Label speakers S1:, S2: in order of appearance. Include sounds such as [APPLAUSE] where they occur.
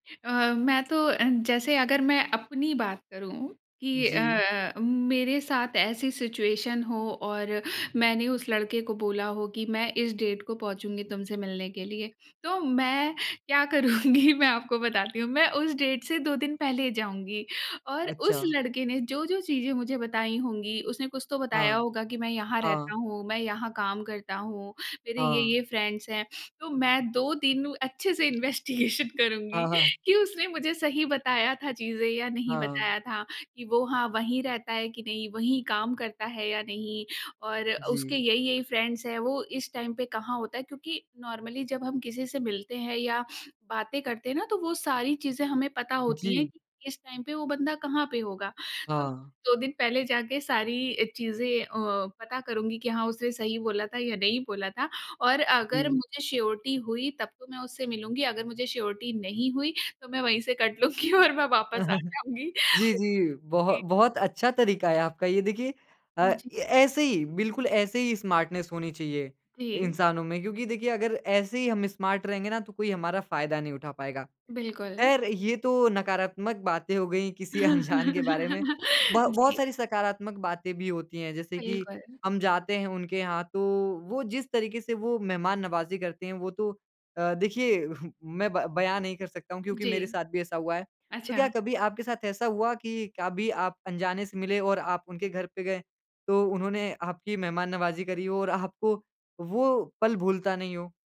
S1: अ, मैं तो अ, जैसे अगर मैं अपनी बात करूँ कि
S2: जी।
S1: अ, मेरे साथ ऐसी सिचुएशन हो और मैंने उस लड़के को बोला हो कि, "मैं इस डेट को पहुँचूँगी तुमसे मिलने के लिए।" तो मैं क्या करूँगी, मैं आपको बताती हूँ। मैं उस डेट से 2 दिन पहले जाऊँगी, और
S2: अच्छा।
S1: उस लड़के ने जो-जो चीज़ें मुझे बताई होंगी, उसने कुछ तो बताया
S2: हाँ।
S1: होगा कि, "मैं यहाँ रहता
S2: हाँ।
S1: हूँ, मैं यहाँ काम करता हूँ, मेरे
S2: हाँ।
S1: ये-ये फ्रेंड्स हैं।" तो मैं 2 दिन अच्छे से इन्वेस्टिगेशन करुँगी
S2: हाँ, हाँ।
S1: कि उसने मुझे सही बताया था चीज़ें या नहीं
S2: हाँ।
S1: बताया था, कि वो हाँ, वहीं रहता है कि नहीं, वहीं काम करता है या नहीं और उसके
S2: जी।
S1: यही-यही फ्रेंड्स हैं? वो इस टाइम पे कहाँ होता है? क्योंकि, नॉर्मली जब हम किसी से मिलते हैं या बातें करते हैं ना, तो वो सारी चीज़ें हमें पता होती हैं
S2: जी।
S1: कि इस टाइम पे वो बंदा कहाँ पे होगा। तो
S2: हाँ।
S1: 2 दिन पहले जाके सारी अ, चीज़ें अ, पता करुँगी कि, "हाँ, उसने सही बोला था या नहीं बोला था?" और अगर
S2: जी।
S1: मुझे श्योरिटी हुई तब तो मैं उससे मिलूँगी, अगर मुझे श्योरिटी नहीं हुई, तो मैं वहीं से कट लूँगी और मैं वापस आ
S2: [CHUCKLES]
S1: जाऊँगी।
S2: जी, जी, बहु
S1: जी।
S2: बहुत अच्छा तरीक़ा है आपका। ये देखिए अ, ऐ
S1: जी।
S2: ऐसे ही, बिल्कुल ऐसे ही स्मार्टनेस होनी चाहिए,
S1: जी।
S2: इंसानों में, क्योंकि देखिए, अगर ऐसे ही हम स्मार्ट रहेंगे ना, तो कोई हमारा फ़ायदा नहीं उठा पाएगा।
S1: बिल्कुल।
S2: ख़ैर, ये तो नकारात्मक बातें हो गईं किसी अनजान के बारे में।
S1: [GIGGLES]
S2: बह बहुत
S1: जी।
S2: सारी सकारात्मक बातें भी होती हैं, जैसे कि
S1: बिल्कुल।
S2: हम जाते हैं, उनके यहाँ तो, वो जिस तरीक़े से वो मेहमान-नवाज़ी करते हैं, वो तो अ, देखिए [CHUCKLES] मैं ब बयान नहीं कर सकता हूँ क्योंकि मेरे
S1: जी।
S2: साथ भी ऐसा हुआ है। तो क्या
S1: अच्छा।
S2: कभी आपके साथ ऐसा हुआ कि कभी आप अनजाने से मिले और आप उनके घर पे गए, तो उन्होंने आपकी मेहमान-नवाज़ी करी हो और आपको वो पल भूलता नहीं हो?